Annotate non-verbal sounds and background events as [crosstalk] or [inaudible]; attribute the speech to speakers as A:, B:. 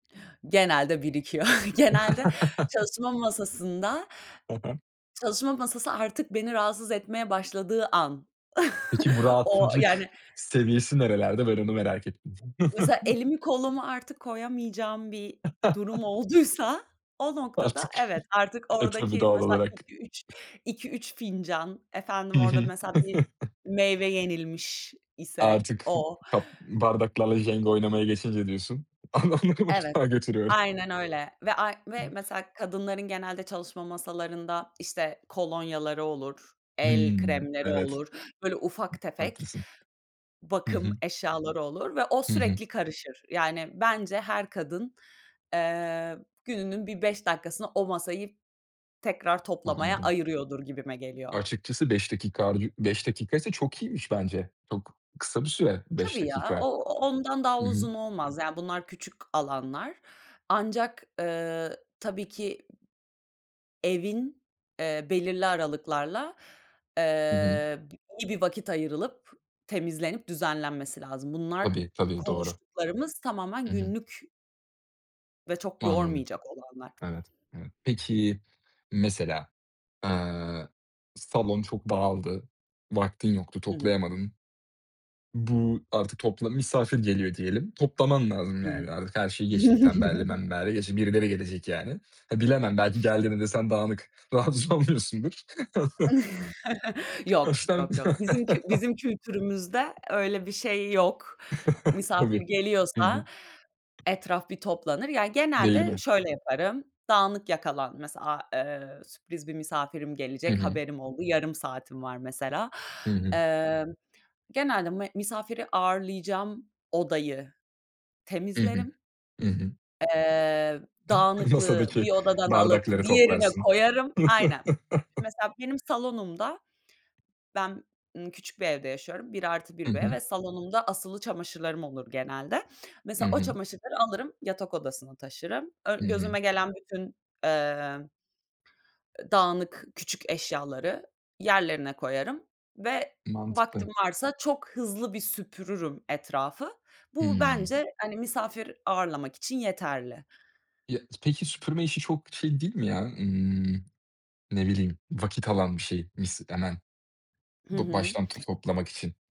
A: Genelde birikiyor. [chuckles] Genelde
B: [chuckles]
A: çalışma masasında
B: Hı hı.
A: çalışma masası artık beni rahatsız etmeye başladığı an.
B: Peki, bu
A: [chuckles] O
B: rahatsızlık
A: yani
B: seviyesi nerelerde? Ben onu merak ettim.
A: Mesela,
B: [chuckles]
A: elimi kolumu artık koyamayacağım bir durum
B: [chuckles]
A: olduysa o noktada,
B: Artık
A: evet, artık
B: Eee, tabii,
A: oradaki,
B: doğal
A: mesela,
B: olarak.
A: iki üç iki üç fincan, efendim,
B: Hı
A: orada,
B: hı.
A: mesela bir
B: [chuckles]
A: meyve yenilmiş ise
B: Artık
A: o.
B: ba bardaklarla Jenga oynamaya geçince diyorsun, adamları
A: Evet,
B: mutfağa götürüyor.
A: aynen öyle ve ay ve mesela kadınların genelde çalışma masalarında, işte, kolonyaları olur, el
B: Hımm,
A: kremleri
B: evet.
A: olur, böyle, ufak tefek
B: Haklısın. Hı
A: bakım
B: hı.
A: eşyaları olur ve o
B: Hı hı.
A: sürekli karışır. Yani, bence her kadın, eee, gününün bir 5 dakikasını o masayı tekrar toplamaya
B: Anladım.
A: ayırıyordur gibime geliyor.
B: Açıkçası, 5 dakika harcıyor 5 dakikaysa çok iyiymiş bence. Çok kısa bir süre 5
A: Tabii ya, o
B: dakika.
A: ondan daha
B: Hı hı.
A: uzun olmaz. Yani, bunlar küçük alanlar ancak, eee, tabii ki, evin, eee, belirli aralıklarla,
B: Hı hı.
A: eee, b iyi bir vakit ayrılıp temizlenip düzenlenmesi lazım. Bunlar
B: Tabii,
A: bu
B: tabii, doğru.
A: konuştuklarımız tamamen
B: Hı hı.
A: günlük ve çok
B: Anladım.
A: yormayacak olanlar.
B: Evet, evet. Peki mesela, eee, salon çok dağıldı, vaktin yoktu,
A: Hı hı.
B: toplayamadın. Bu artık topla misafir geliyor diyelim. Toplaman lazım,
A: Hı hı.
B: yani, artık her şeyi geçtik, tembelliği
A: [chuckles]
B: membelliği geçtik. Birileri gelecek, yani. Ha, bilemem, belki geldiğinde de sen dağınık rahatsız olmuyorsundur.
A: [chuckles]
B: [chuckles]
A: Yok,
B: Baştan [chuckles]
A: yok, yok. Bizim kü bizim kültürümüzde öyle bir şey yok.
B: [chuckles]
A: Misafir
B: Tabii. Hı hı.
A: geliyorsa etraf bir toplanır. Ya,
B: Değil
A: genelde
B: mi?
A: şöyle yaparım: Dağınık yakalan mesela, a eee, sürpriz bir misafirim
B: Hı
A: gelecek,
B: hı.
A: haberim oldu, yarım saatim var, mesela.
B: Hı hı.
A: Emm, genelde m misafiri ağırlayacağım odayı
B: Hı hı,
A: temizlerim.
B: hı hı.
A: Eee, dağınıklığı
B: Masadaki
A: bir odadan alıp
B: bardakları
A: diğerine
B: toplarsın.
A: koyarım. Aynen.
B: [chuckles]
A: Mesela, benim salonumda ben, ımm, küçük bir evde yaşıyorum, bir artı
B: Hı
A: bir
B: hı.
A: ve salonumda asılı çamaşırlarım olur genelde.
B: Hı
A: Mesela, o
B: hı.
A: çamaşırları alırım, yatak odasına taşırım.
B: Hı
A: Ön
B: hı.
A: gözüme gelen bütün, eee, eee, dağınık küçük eşyaları yerlerine koyarım ve vaktim
B: Mantıklı.
A: varsa çok hızlı bir süpürürüm etrafı. Bu
B: Hıı.
A: bence, hani, misafir ağırlamak için yeterli.
B: Ya peki, süpürme işi çok şey, değil mi ya, ımm, ne bileyim, vakit alan bir şey, mis [unintelligible]
A: Hı
B: Ba
A: hı.
B: baştan to toplamak için.